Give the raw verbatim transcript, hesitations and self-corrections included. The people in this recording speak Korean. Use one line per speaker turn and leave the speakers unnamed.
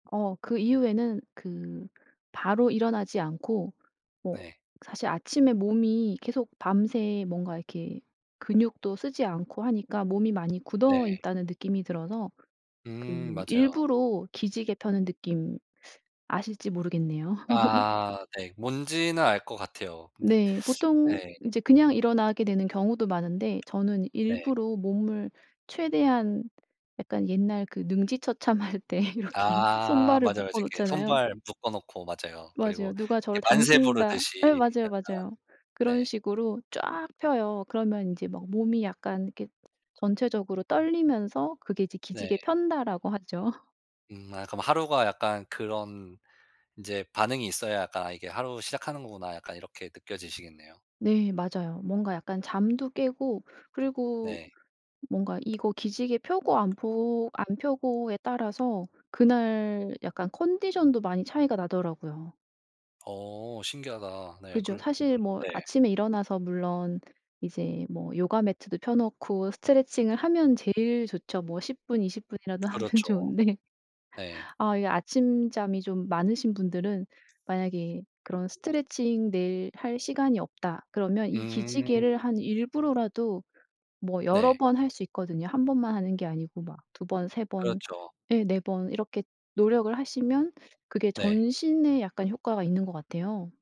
어 그 이후에는 그 바로 일어나지 않고 뭐
네.
사실 아침에 몸이 계속 밤새 뭔가 이렇게 근육도 쓰지 않고 하니까 몸이 많이
네.
굳어있다는 느낌이 들어서
음
그
맞아요.
일부러 기지개 펴는 느낌 아실지 모르겠네요.
아 네. 뭔지는 알 것 같아요. 근데
네. 보통
네.
인제 그냥 일어나게 되는 경우도 많은데 저는
네.
일부러 몸을 최대한 약간 옛날 그 능지처참할 때 이렇게
아.
손발을
맞아요. 맞아요.
묶어
이렇게
놓잖아요.
손발 묶어 놓고 맞아요. 그리고
맞아요. 누가
이렇게
저를
만세
당긴다 예
부르듯이
맞아요.
약간
맞아요. 그런
네.
식으로 쫙 펴요. 그러면 인제 막 몸이 약간 이렇게 전체적으로 떨리면서 그게 이제
네.
"기지개 편다."라고 하죠.
음 아 그럼 하루가 약간 그런 인제 반응이 있어야 약간 '아 이게 하루 시작하는 거구나.' 약간 이렇게 느껴지시겠네요.
네 맞아요. 뭔가 약간 잠도 깨고 그리고
네.
뭔가 이거 기지개 펴고 안 퍼 안 펴고에 따라서 그날 약간 컨디션도 많이 차이가 나더라고요.
어 신기하다. 네
그죠.
그러 음
사실 뭐
네.
아침에 일어나서 물론 이제 뭐 요가 매트도 펴놓고 스트레칭을 하면 제일 좋죠. 뭐 십 분, 이십 분이라도 하면
그렇죠.
좋은데,
네.
아 이게 아침잠이 좀 많으신 분들은 만약에 그런 스트레칭 매일 할 시간이 없다 그러면 이 기지개를
음.
한 일부러라도 뭐 여러
네.
번 할 수 있거든요. 한 번만 하는 게 아니고 막 두 번, 세 번,
그렇죠.
예 네 번 이렇게 노력을 하시면 그게
네.
전신에 약간 효과가 있는 것 같아요.